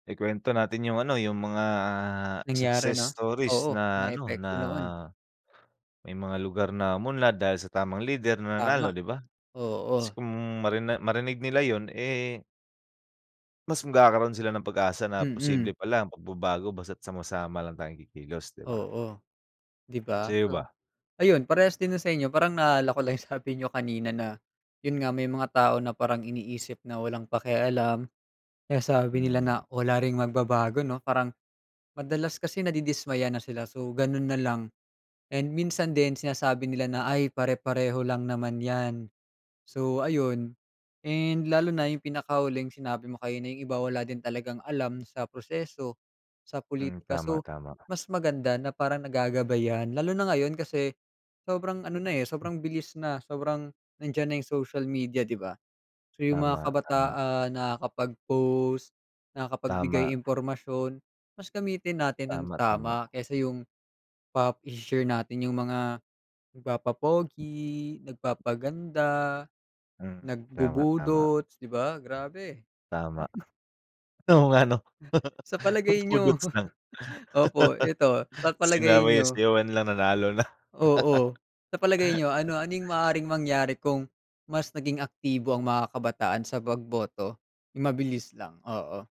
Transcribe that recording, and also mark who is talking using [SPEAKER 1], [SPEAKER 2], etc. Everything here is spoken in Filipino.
[SPEAKER 1] Ikuwento natin yung ano, yung mga
[SPEAKER 2] Nangyari,
[SPEAKER 1] success
[SPEAKER 2] 'no?
[SPEAKER 1] stories
[SPEAKER 2] Oo, mga
[SPEAKER 1] na ano, na
[SPEAKER 2] epekto noon.
[SPEAKER 1] may mga lugar na umunlad dahil sa tamang lider na nanalo,
[SPEAKER 2] Tama,
[SPEAKER 1] 'di ba? Kasi
[SPEAKER 2] oo.
[SPEAKER 1] kung marina marinig nila yun eh mas magkakaroon sila ng pag-asa na
[SPEAKER 2] Mm.
[SPEAKER 1] posible pala ang pagbabago basta't sama-sama lang tayong kikilos, di ba?
[SPEAKER 2] Oo, di ba?
[SPEAKER 1] Sa'yo
[SPEAKER 2] O
[SPEAKER 1] ba?
[SPEAKER 2] ayun parehas din na sa inyo parang naalala ko lang sabi niyo kanina na yun nga, may mga tao na parang iniisip na walang pakialam, eh, sabi nila na
[SPEAKER 1] Mhm.
[SPEAKER 2] wala ring magbabago, 'no, parang madalas kasi nadidismaya na sila. So, ganun nalang. And minsan din sinasabi nila na, "Ay, pare-pareho lang naman yan," so ayun. And lalo na yung pinakahuling sinabi mo kanina, yung iba wala din talagang alam sa proseso, sa
[SPEAKER 1] Hmm,
[SPEAKER 2] pulitika,
[SPEAKER 1] tama,
[SPEAKER 2] so,
[SPEAKER 1] tama.
[SPEAKER 2] mas maganda na parang nagagabayan, lalo na ngayon kasi sobrang ano na eh,
[SPEAKER 1] Mm.
[SPEAKER 2] sobrang bilis na, sobrang nandiyan na yung social media, di ba? So, yung mga
[SPEAKER 1] Tama, tama.
[SPEAKER 2] kabataan nakakapag-post, nakakapagbigay
[SPEAKER 1] Tama.
[SPEAKER 2] impormasyon, mas gamitin natin ng
[SPEAKER 1] Tama, tama.
[SPEAKER 2] tama kaysa yung pa ise-share natin yung mga nagpapapogi, nagpapaganda,
[SPEAKER 1] Hmm, tama, tama.
[SPEAKER 2] nagbubudots, di ba, grabe.
[SPEAKER 1] Tama. Oo nga, 'no?
[SPEAKER 2] Sa palagay niyo,
[SPEAKER 1] Nagbudots lang.
[SPEAKER 2] opo ito, sa palagay
[SPEAKER 1] Sinawi
[SPEAKER 2] niyo?
[SPEAKER 1] sayawan lang nanalo na.
[SPEAKER 2] Oo, sa palagay niyo ano-anong maaaring mangyari kung mas naging aktibo ang mga kabataan sa pagboto? Yung mabilis lang, oo.